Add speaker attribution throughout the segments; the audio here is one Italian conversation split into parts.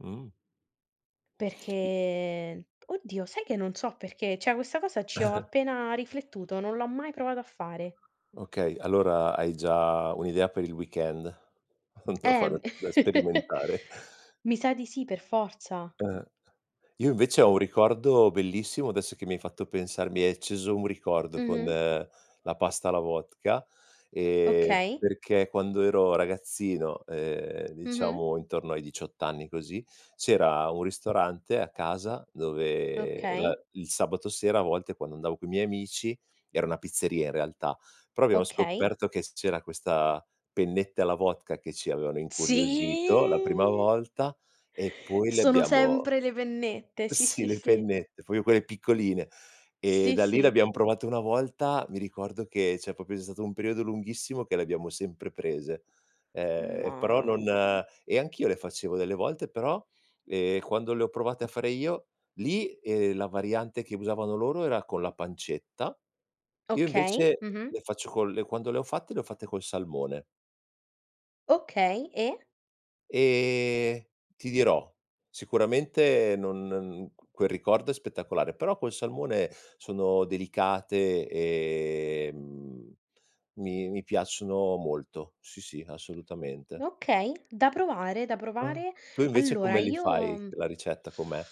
Speaker 1: Mh-mh. I
Speaker 2: Perché oddio sai che non so perché, cioè questa cosa, ci ho appena riflettuto, non l'ho mai provata a fare.
Speaker 1: Okay, allora hai già un'idea per il weekend, da fare
Speaker 2: Ehm,
Speaker 1: da sperimentare?
Speaker 2: mi sa di sì per forza.
Speaker 1: Eh. Io invece ho un ricordo bellissimo adesso che mi hai fatto pensar mi hai acceso un ricordo con
Speaker 2: Mh-mh.
Speaker 1: la pasta alla vodka, ehm,
Speaker 2: Okay.
Speaker 1: perché quando ero ragazzino, ehm,
Speaker 2: Mh-mh.
Speaker 1: diciamo intorno ai 18 anni così, c'era un ristorante a casa dove la
Speaker 2: Okay.
Speaker 1: il sabato sera a volte quando andavo coi miei amici era una pizzeria in realtà, però abbiamo
Speaker 2: Okay.
Speaker 1: scoperto che c'era questa pennette alla vodka che ci avevano incuriosito la prima
Speaker 2: Sì.
Speaker 1: volta e poi le
Speaker 2: Sono
Speaker 1: abbiamo
Speaker 2: sempre le pennette, sì,
Speaker 1: Sì,
Speaker 2: sì,
Speaker 1: le
Speaker 2: sì.
Speaker 1: pennette, fo io quelle piccoline. Ehm,
Speaker 2: Sì,
Speaker 1: da lì le
Speaker 2: sì.
Speaker 1: abbiam provate una volta mi ricordo che c'è proprio stato un periodo lunghissimo che le abbiamo sempre prese, ehm, però non
Speaker 2: Mamma.
Speaker 1: e anch'io le facevo delle volte però, ehm, quando le ho provate a fare io lì, ehm, la variante che usavano loro era con la pancetta, io
Speaker 2: Okay,
Speaker 1: invece
Speaker 2: mh-mh.
Speaker 1: le faccio col quando le ho fatte, le ho fatte col salmone.
Speaker 2: Okay, e?
Speaker 1: Ehm, ti dirò sicuramente non n q quel ricordo è spettacolare, però col salmone sono delicate, ehm, mhmm, mi mi piacciono molto. Sì, sì, assolutamente.
Speaker 2: Okay, da provare, da provare.
Speaker 1: Tu invece
Speaker 2: Allora
Speaker 1: come li
Speaker 2: io,
Speaker 1: fai?
Speaker 2: mhmm
Speaker 1: La ricetta com'è?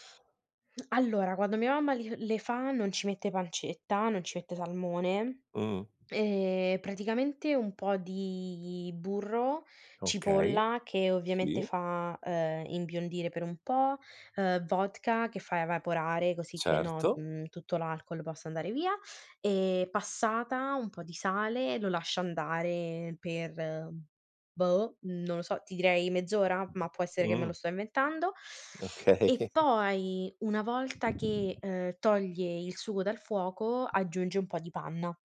Speaker 2: Allora quando mia mamma li le fa non ci mette pancetta, non ci mette salmone,
Speaker 1: Mh-mh.
Speaker 2: ehm, praticamente un po' di burro,
Speaker 1: Okay,
Speaker 2: cipolla che, ovviamente,
Speaker 1: sì.
Speaker 2: fa, ehm, imbiondire per un po', ehm, vodka che fa evaporare, così che no
Speaker 1: Certo.
Speaker 2: mhmm, tutto l'alcol possa andare via, ehm, passata, un po' di sale, lo lascia andare per, boh, non lo so, ti direi mezz'ora, ma può essere che me lo
Speaker 1: Mh-mh.
Speaker 2: sto inventando. E
Speaker 1: Okay.
Speaker 2: poi una volta che, ehm, toglie il sugo dal fuoco, aggiunge un po' di panna.